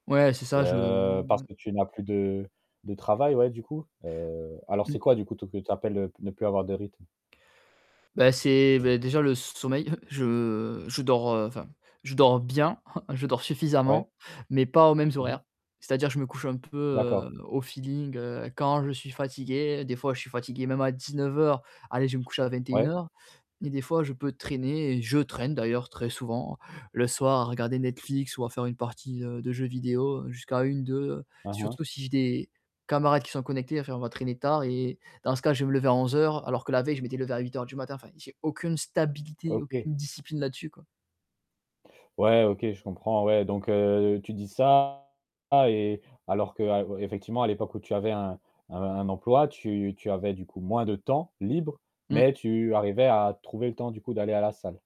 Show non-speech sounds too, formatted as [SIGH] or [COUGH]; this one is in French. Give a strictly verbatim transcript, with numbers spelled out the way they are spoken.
Ouais, c'est ça je le Heu, parce ouais. que tu n'as plus de de travail, ouais, du coup? Heu, alors c'est Mmh. quoi, du coup, t que tu appelles, heu, «ne plus avoir de rythme»? Beh, c'est vé déjà le sommeil, [CHUCKLES] je je dors, heu, enfin, je dors bien, [CHUCKLES] je dors suffisamment, Ouais. mais pas aux mêmes Mmh mh. horaires. C'est à dire, je me couche un peu, D'accord. heu, au feeling, heu, quand je suis fatigué. Des fois je suis fatigué même à dix-neuf heures, allez, je vais me coucher à vingt-et-une Ouais. heures. Et des fois je peux traîner et je traîne d'ailleurs, très souvent le soir, à regarder Netflix ou à faire une partie, heu, de jeux vidéo, heu, jusqu'à une, deux, Aha. surtout si j'ai des camarades qui sont connectés. Enfin, on va traîner tard et dans ce cas je vais me lever à onze heures alors que la veille je m'étais levé à huit heures du matin, enfin j'ai aucune stabilité, OK. aucune discipline là-dessus quoi. Ouais OK, je comprends, ouais. Donc, heu, tu dis ça et alors que ah ouais, effectivement à l'époque où tu avais un un un emploi, tu tu avais, du coup, moins de temps libre, mais Mmh. tu arrivais à trouver le temps du coup d'aller à la salle.